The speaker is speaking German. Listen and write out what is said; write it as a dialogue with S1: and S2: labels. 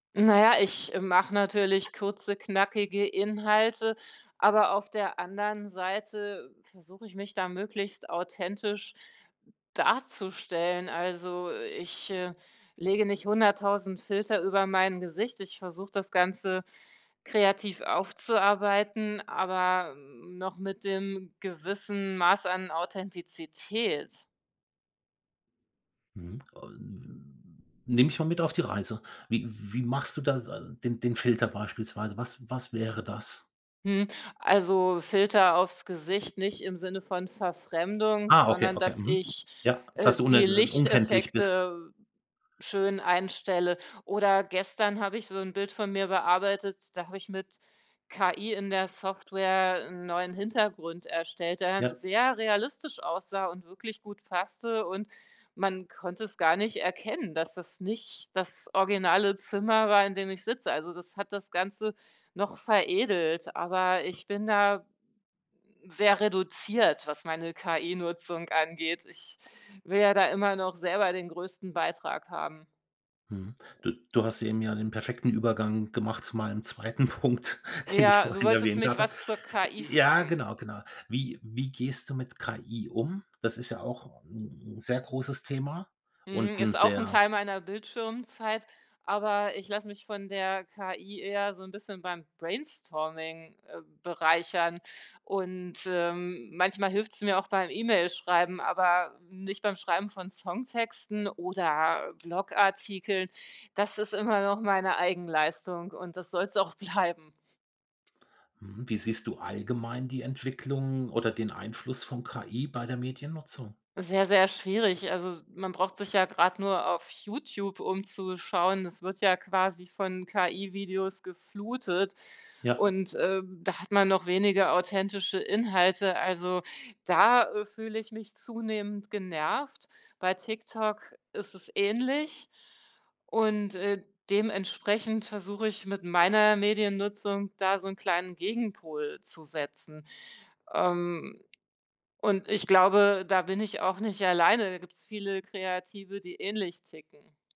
S1: Na ja, ich mache natürlich kurze, knackige Inhalte, aber auf der anderen Seite versuche ich, mich da möglichst authentisch darzustellen. Also, ich, äh, lege nicht 100.000 Filter über mein Gesicht. Ich versuche, das Ganze kreativ aufzuarbeiten, aber, hm, noch mit dem gewissen Maß an Authentizität.
S2: Mhm, un nimm ich mal mit auf die Reise. Wie wie machst du da da den den Filter beispielsweise? Was was wäre das?
S1: Hm, also, Filter auf‘s Gesicht, nicht im Sinne von Verfremdung,
S2: Ah, okay,
S1: sondern
S2: okay.
S1: dass
S2: Mhm.
S1: ich,
S2: Ja,
S1: äh,
S2: dass du un
S1: die
S2: äh, unkenntlich bist.
S1: Lichteffekte schön einstelle. Oder gestern habe ich so 'n Bild von mir bearbeitet, da habe ich mit KI in der Software 'n neuen Hintergrund erstellt, der dann
S2: Ja.
S1: sehr realistisch aussah und wirklich gut passte, und man konnte es gar nicht erkennen, dass es nicht das originale Zimmer war, in dem ich sitze. Also, das hat das Ganze noch veredelt, aber ich bin da sehr reduziert, was meine KI-Nutzung angeht. Ich will ja da immer noch selber den größten Beitrag haben.
S2: Mhm, du du hast eben ja den perfekten Übergang gemacht zu meinem 2. Punkt, den ich
S1: Ja, du
S2: vorhin
S1: wolltest
S2: erwähnt
S1: mich
S2: hatte.
S1: was zur KI
S2: Ja,
S1: fragen.
S2: genau, genau. Wie wie gehst du mit KI um? Das ist ja auch ‘n 'n sehr großes Thema und
S1: Mhm,
S2: ‘n
S1: ist auch ‘n
S2: sehr
S1: Teil meiner Bildschirmzeit, aber ich lasse mich von der KI eher so 'n bisschen beim Brainstorming, äh, bereichern und, ähm, manchmal hilft‘s mir auch beim E-Mail-Schreiben, aber nicht beim Schreiben von Songtexten oder Blog-Artikeln. Das ist immer noch meine Eigenleistung und das soll‘s auch bleiben.
S2: Mhm, wie siehst du allgemein die Entwicklung oder den Einfluss von KI bei der Mediennutzung?
S1: Sehr, sehr schwierig, also, s man braucht sich ja grad nur auf YouTube umzuschauen. Es wird ja quasi von KI-Videos geflutet
S2: Ja.
S1: und, äh, da hat man noch weniger authentische Inhalte. Also, da, äh, fühle ich mich zunehmend genervt. Bei TikTok ist es ähnlich und, äh, dementsprechend versuche ich mit meiner Mediennutzung da so 'n kleinen Gegenpol zu setzen. Ähm, und ich glaube, da bin ich auch nicht alleine. Da gibt‘s viele Kreative, die ähnlich ticken.